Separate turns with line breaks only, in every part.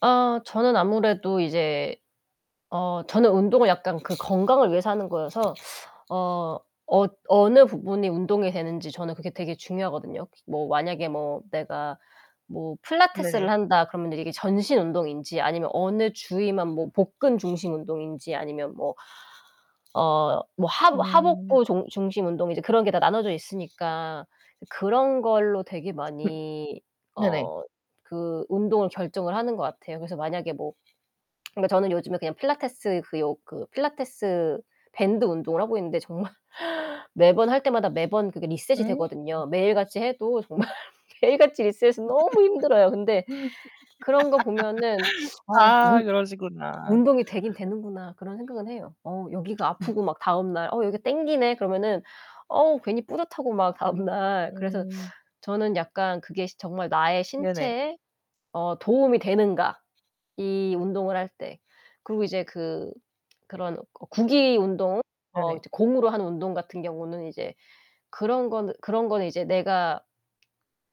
아 저는 아무래도 이제 어 저는 운동을 약간 그 건강을 위해서 하는 거여서 어 어 어느 부분이 운동이 되는지 저는 그게 되게 중요하거든요. 기 뭐 만약에 뭐 내가 뭐
네네.
필라테스를 한다 그러면 이게 전신 운동인지 아니면 어느 주위만 뭐 복근 중심 운동인지 아니면 뭐 어 뭐 하
음.
하복부 중 중심 운동 이제 그런 게 다 나눠져 있으니까. 그런 걸로 되게 많이
네네.
어 그 운동을 결정을 하는 것 같아요. 그래서 만약에 뭐 그러니까 저는 요즘에 그냥 필라테스 그 요 그 필라테스 밴드 운동을 하고 있는데 정말 매번 할 때마다 매번 리셋이
음.
되거든요. 매일 같이 해도 정말 매일같이 리셋이 너무 힘들어요. 근데 그런 거 보면은 '아
아
운
그러시구나.
운동이 되긴 되는구나.' 그런 생각은 해요. 어 여기가
음.
아프고 막 다음날 '어 여기 땡기네.' 그러면은 어우 괜히 뿌듯하고 막 다음날. 그래서
음.
저는 약간 그게 시 '정말 나의
네네.
신체에 어 도움이 되는가 이 운동을 할 때.' 그리고 이제 그 그런 어 구기 운동 어
네네.
이제 공으로 하는 운동 같은 경우는 이제 그런 거느 그런 거는 이제 내가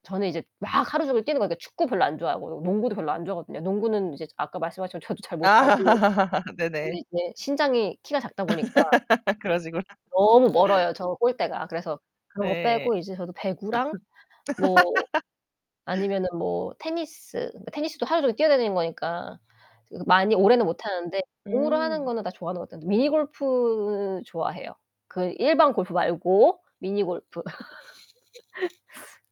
저는 이제 막 하루 종일 뛰는 거 그러니까 축구 별로 안 좋아하고 농구도 별로 안 좋아하거든요. 농구는 이제 아까 말씀하셨지만 저도 잘 못하고.
아. 네네.
근데 이제 신장이, 키가 작다 보니까
그러시구나.
너무 멀어요 저 골대가. 그래서 그런 거
네.
빼고 이제 저도 배구랑 뭐 아니면은 뭐 테니스, 그러니까 테니스도 하루종일 뛰어다니는 거니까 저 그 많이 오래는 못 하는데 공으로 하는
음.
거는 다 좋아하는 것 같아요. 미니 골프 좋아해요. 그 일반 골프 말고 미니 골프.